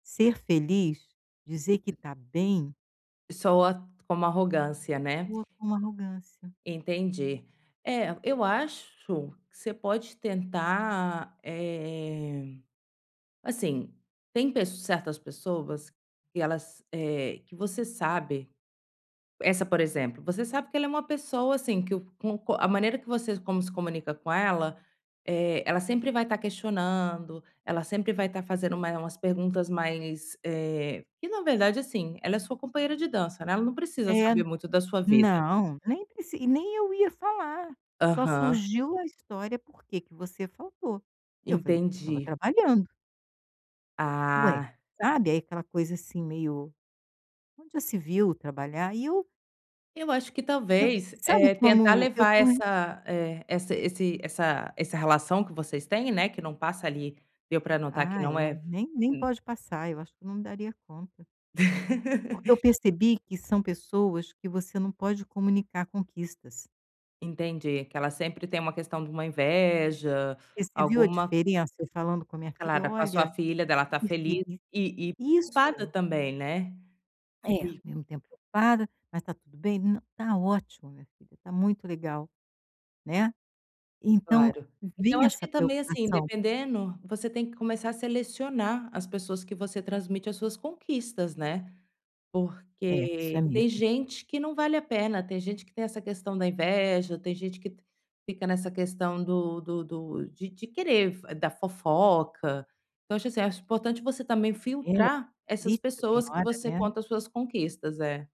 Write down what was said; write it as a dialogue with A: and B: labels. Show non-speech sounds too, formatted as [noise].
A: Ser feliz, dizer que está bem.
B: Soa, como arrogância, né?
A: Soa com arrogância.
B: Entendi. É, eu acho, que você pode tentar, eh, assim, tem pess certas pessoas, que elas, eh, que você sabe, essa por exemplo, você sabe que ela é uma pessoa assim que com co a maneira que você como se comunica com ela, eh, ela sempre vai estar questionando, ela sempre vai estar fazendo uma umas perguntas mais, eh, que na verdade assim, ela é sua companheira de dança não é, ela não precisa
A: Eh,
B: saber muito da sua vida.
A: não, nem preci e nem eu ia falar, só
B: Aham.
A: surgiu a história porque que você faltou, e eu falei: "Porque eu estava
B: Entendi.
A: trabalhando". Ué,
B: Ah.
A: sabe aí aquela coisa assim meio: "Onde já se viu trabalhar", e eu
B: Eu acho que
A: eu
B: talvez,
A: sabe
B: eh, tentar
A: como eu
B: levar
A: estou
B: essa, eh, essa esse essa essa relação que vocês têm, né, que não passa ali, deu para notar que
A: Ah é, e
B: não é
A: nem nem
B: hum.
A: pode passar, acho que eu não daria conta. Porque eu
B: [chuckles]
A: percebi que são pessoas que você não pode comunicar conquistas.
B: Entendi, que ela sempre tem uma questão de uma inveja,
A: Você viu a
B: alguma
A: diferença falando com a minha filha,
B: [unintelligible] com a sua
A: olha,
B: filha dela estar feliz
A: feliz
B: e e preocupada
A: isso.
B: também, né.
A: É, ao
B: Eh.
A: mesmo tempo preocupada, mas está tudo bem, nã tá ótimo minha filha, tá muito legal, né, então
B: Claro, então
A: vem
B: acho que
A: essa
B: também assim
A: preocupação.
B: dependendo, você tem que começar a selecionar as pessoas que você transmite as suas conquistas, né,
A: É, isso é
B: porque tem
A: mesmo.
B: gente que não vale a pena, tem gente que tem essa questão da inveja, tem gente que fica nessa questão do do do de de querer f da fofoca. Então acho assim, acho importante você também
A: É,
B: filtrar essas
A: [unintelligible] tem
B: pessoas que
A: hora,
B: você
A: né.
B: conta as suas conquistas é.